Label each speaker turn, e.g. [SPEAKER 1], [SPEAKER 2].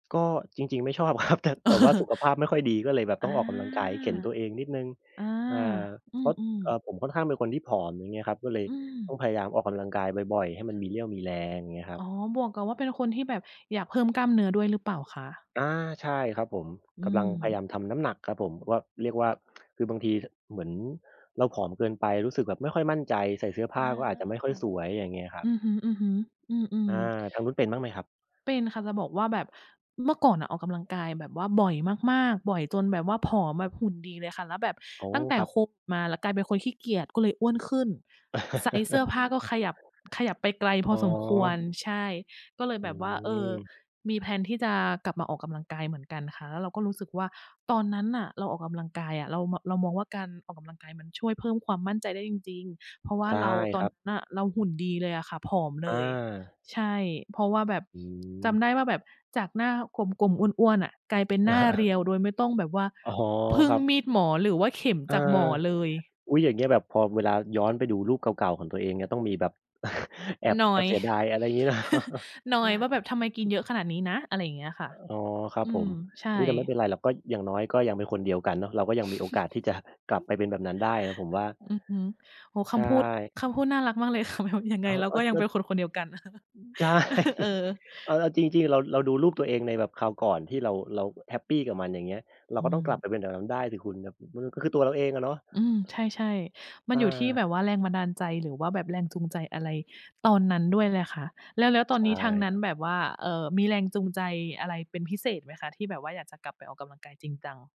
[SPEAKER 1] ก็จริง ๆ ไม่ชอบ ครับ แต่ แต่ว่าสุขภาพไม่ค่อยดี ก็เลยแบบ
[SPEAKER 2] อ
[SPEAKER 1] ต้
[SPEAKER 2] า
[SPEAKER 1] องออกกำลังกาย เข็นตัวเองนิดหนึ่ง
[SPEAKER 2] อา
[SPEAKER 1] อา
[SPEAKER 2] อื
[SPEAKER 1] เพราะ
[SPEAKER 2] อ
[SPEAKER 1] เอ่อ
[SPEAKER 2] ๆ
[SPEAKER 1] ผมค่อนข้างเป็นคนที่ผอม อย่างเงี้ยครับ ก็เลย
[SPEAKER 2] อื
[SPEAKER 1] ต้อง
[SPEAKER 2] ม
[SPEAKER 1] พยายามออกกำลังกายบ่อย ๆ ให้มันมีเรี่ยวมีแรง เงี้ยครั
[SPEAKER 2] อ
[SPEAKER 1] บ
[SPEAKER 2] ๋อ บวกกับว่า เป็นคนที่แบบอยากเพิ่มกล้ามเนื้อด้วยหรือเปล่าคะ?
[SPEAKER 1] อา ใช่ครับผม
[SPEAKER 2] อื
[SPEAKER 1] กำลังพยายา
[SPEAKER 2] ม
[SPEAKER 1] มทำน้ำหนักครับผม ว่า เรียกว่า คือบางทีเทอะ เหมือนเราผอมเกินไป รู้สึกแบบไม่ค่อยมั่นใจ ใส่เสื้อผ
[SPEAKER 2] อ
[SPEAKER 1] ้
[SPEAKER 2] า
[SPEAKER 1] าก็อาจจะไม่ค่อยสวย อย่างเงี้ยครั
[SPEAKER 2] อ
[SPEAKER 1] บ
[SPEAKER 2] ือฮึ ๆ อื
[SPEAKER 1] อ
[SPEAKER 2] อ
[SPEAKER 1] า
[SPEAKER 2] ๆ
[SPEAKER 1] ทางนู้นเป็นบ้างไหมครับ?
[SPEAKER 2] เป็นค่ะ จะบอกว่า แบบเมื่อก่อนน่ะออกกำลังกายแบบว่าบ่อยมาก ๆ บ่อยจนแบบว่าผอมแบบหุ่นดีเลยค่ะ แล้วแบบ
[SPEAKER 1] โอ้
[SPEAKER 2] ตั้งแต่
[SPEAKER 1] ครับ
[SPEAKER 2] โค มา แล้วกลายเป็นคนขี้เกียจ ก็เลยอ้วนขึ้น ไซซ์เสื้อผ้าก็ขยับ ขยับไปไกลพ
[SPEAKER 1] อ๋
[SPEAKER 2] อสมคว
[SPEAKER 1] อ
[SPEAKER 2] ร ใช่ ก็เลย
[SPEAKER 1] อื
[SPEAKER 2] แบบว่า เออ
[SPEAKER 1] อ
[SPEAKER 2] มี แพลน ที่จะกลับมาออกกำลังกายเหมือนกันค่ะ แล้วเราก็รู้สึกว่า ตอนนั้นน่ะเราออกกำลังกายอะ เรา ม เรามองว่า การออกกำลังกายมันช่วยเพิ่มความมั่นใจได้จริง ๆ เพราะว่
[SPEAKER 1] ใ
[SPEAKER 2] า
[SPEAKER 1] ช่
[SPEAKER 2] เรา ต
[SPEAKER 1] ค
[SPEAKER 2] อน
[SPEAKER 1] รั
[SPEAKER 2] น
[SPEAKER 1] บ
[SPEAKER 2] ั้นน่ะเราหุ่นดีเลยอะค่ะ ผอม
[SPEAKER 1] อ
[SPEAKER 2] เลย
[SPEAKER 1] า
[SPEAKER 2] ใช่ เพราะว่าแบบ
[SPEAKER 1] อื
[SPEAKER 2] จ
[SPEAKER 1] อ
[SPEAKER 2] ำได้ว่าแบบจากหน้ากลม ๆ อ้วน ๆ น่ะ กลายเป็นหน้าเรียวโดยไม่ต้องแบบว่า
[SPEAKER 1] อ๋อ
[SPEAKER 2] พึ่
[SPEAKER 1] ค
[SPEAKER 2] ง
[SPEAKER 1] รับ
[SPEAKER 2] มีดหมอหรือว่าเข็ม
[SPEAKER 1] อา
[SPEAKER 2] จากหมอเลย
[SPEAKER 1] อุ๊ย อย่างเงี้ย แบบพอเวลาย้อนไปดูรูปเก่า ๆ ของตัวเอง เงี้ย ต้องมีแบบ แอบ
[SPEAKER 2] นอ
[SPEAKER 1] แอบ
[SPEAKER 2] ย
[SPEAKER 1] เสียดาย อะไรงี้ เนาะ
[SPEAKER 2] นอยว่า แบบทำไมกินเยอะขนาดนี้นะ อะไร เงี้ยค่ะ
[SPEAKER 1] อ๋อ ครั
[SPEAKER 2] อ
[SPEAKER 1] บ
[SPEAKER 2] ื
[SPEAKER 1] ผ
[SPEAKER 2] ม
[SPEAKER 1] ม
[SPEAKER 2] ใช่
[SPEAKER 1] อุ๊ย แต่ไม่เป็นไรหรอก ก็ อย่างน้อยก็ยังเป็นคนเดียวกันเนาะ เราก็ยังมีโอกาสที่ จะ กลับไปเป็นแบบนั้นได้นะ ผมว่า
[SPEAKER 2] อือฮึ โอ้โฮ ค
[SPEAKER 1] ใช
[SPEAKER 2] ำพูด
[SPEAKER 1] ่
[SPEAKER 2] คำพูดน่ารักมากเลย ค่ะ แบบ ยังไ
[SPEAKER 1] อ
[SPEAKER 2] ง
[SPEAKER 1] ้าว
[SPEAKER 2] เราก็ยังเป็นคนคนเดียวกัน
[SPEAKER 1] ใช่
[SPEAKER 2] เออ
[SPEAKER 1] เอา เอาจริง ๆ เรา เราดูรูปตัวเองในแบบคราวก่อนที่เรา เราแฮปปีกับมัน อย่างเงี้ย เรา
[SPEAKER 2] อื
[SPEAKER 1] ก็ต้องกลับ
[SPEAKER 2] ม
[SPEAKER 1] ไปเป็นอย่างงั้นได้สิคุณ แบบ มันก็คือตัวเราเองอะเนาะ
[SPEAKER 2] อืม ใช่ ๆ มั
[SPEAKER 1] อ
[SPEAKER 2] นอยู่ที่
[SPEAKER 1] า
[SPEAKER 2] แบบว่าแรงบันดาลใจ หรือว่าแบบแรงจูงใจอะไรตอนนั้นด้วยเลยค่ะ แล้ว แล้วต
[SPEAKER 1] ใ
[SPEAKER 2] อ
[SPEAKER 1] ช
[SPEAKER 2] นน
[SPEAKER 1] ่
[SPEAKER 2] ี้ทางนั
[SPEAKER 1] ค
[SPEAKER 2] ้น
[SPEAKER 1] รับ
[SPEAKER 2] แบบว่า เอ่อ มีแรงจูงใจอะไรเป็นพิเศษไหมคะ? ที่แบบว่าอยากจะกลับไปออกกำลังกายจริงจัง